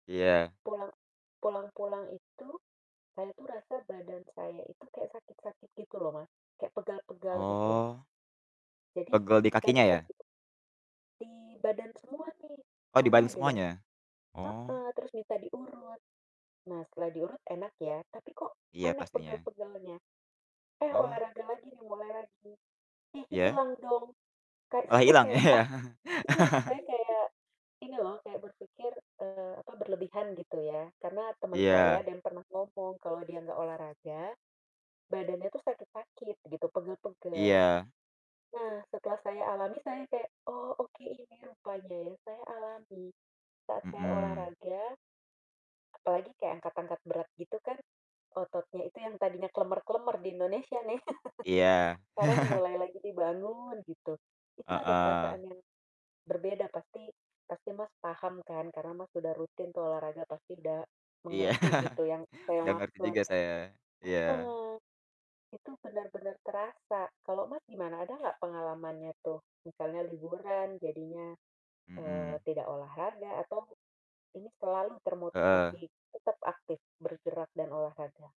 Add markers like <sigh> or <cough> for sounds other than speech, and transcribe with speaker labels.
Speaker 1: Iya.
Speaker 2: Pulang pulang-pulang itu, saya tuh rasa badan saya itu kayak sakit-sakit gitu loh, Mas, kayak pegal-pegal gitu.
Speaker 1: Oh.
Speaker 2: Jadi,
Speaker 1: Pegel di
Speaker 2: saya
Speaker 1: kakinya,
Speaker 2: minta
Speaker 1: ya?
Speaker 2: di di badan semua nih,
Speaker 1: Oh, di
Speaker 2: aneh
Speaker 1: badan
Speaker 2: deh.
Speaker 1: semuanya? Oh.
Speaker 2: Heeh, terus minta diurut. Nah, setelah diurut enak, ya, tapi, kok,
Speaker 1: Iya,
Speaker 2: aneh
Speaker 1: pastinya.
Speaker 2: pegal-pegalnya. Eh,
Speaker 1: Oh.
Speaker 2: olahraga lagi, nih, mulai lagi, ih,
Speaker 1: Iya?
Speaker 2: hilang dong, kan
Speaker 1: Malah
Speaker 2: saya
Speaker 1: hilang
Speaker 2: kayak
Speaker 1: ya.
Speaker 2: ah iya
Speaker 1: <chuckles>
Speaker 2: saya kayak ini, loh, kayak berpikir, eee, apa berlebihan gitu, ya. Karena teman saya
Speaker 1: Iya.
Speaker 2: ada yang pernah ngomong, kalau dia enggak olahraga badannya tuh sakit-sakit, gitu, pegal-pegal.
Speaker 1: Iya.
Speaker 2: Nah, setelah saya alami saya kayak, "Oh, oke ini rupanya, ya," saya alami saat saya
Speaker 1: Mhm.
Speaker 2: olahraga, apalagi kayak angkat-angkat berat gitu kan ototnya itu yang tadinya klemer-klemer di Indonesia, nih, <chuckles>
Speaker 1: Iya.
Speaker 2: sekarang
Speaker 1: <chuckles>
Speaker 2: mulai lagi dibangun, gitu. Itu ada perasaan
Speaker 1: Heeh.
Speaker 2: yang berbeda, pasti pasti Mas, paham, kan, karena Mas, sudah rutin tuh olahraga, pasti udah
Speaker 1: Iya.
Speaker 2: mengerti
Speaker 1: <chuckles>
Speaker 2: gitu yang saya
Speaker 1: Enggak ngerti
Speaker 2: maksud.
Speaker 1: juga saya. Iya.
Speaker 2: Heeh, itu benar-benar terasa, kalau Mas, gimana? Ada enggak pengalamannya tuh, misalnya liburan jadinya, eee,
Speaker 1: Mhm.
Speaker 2: tidak olahraga atau ini selalu termotivasi
Speaker 1: Heeh.
Speaker 2: tetap aktif bergerak dan olahraga?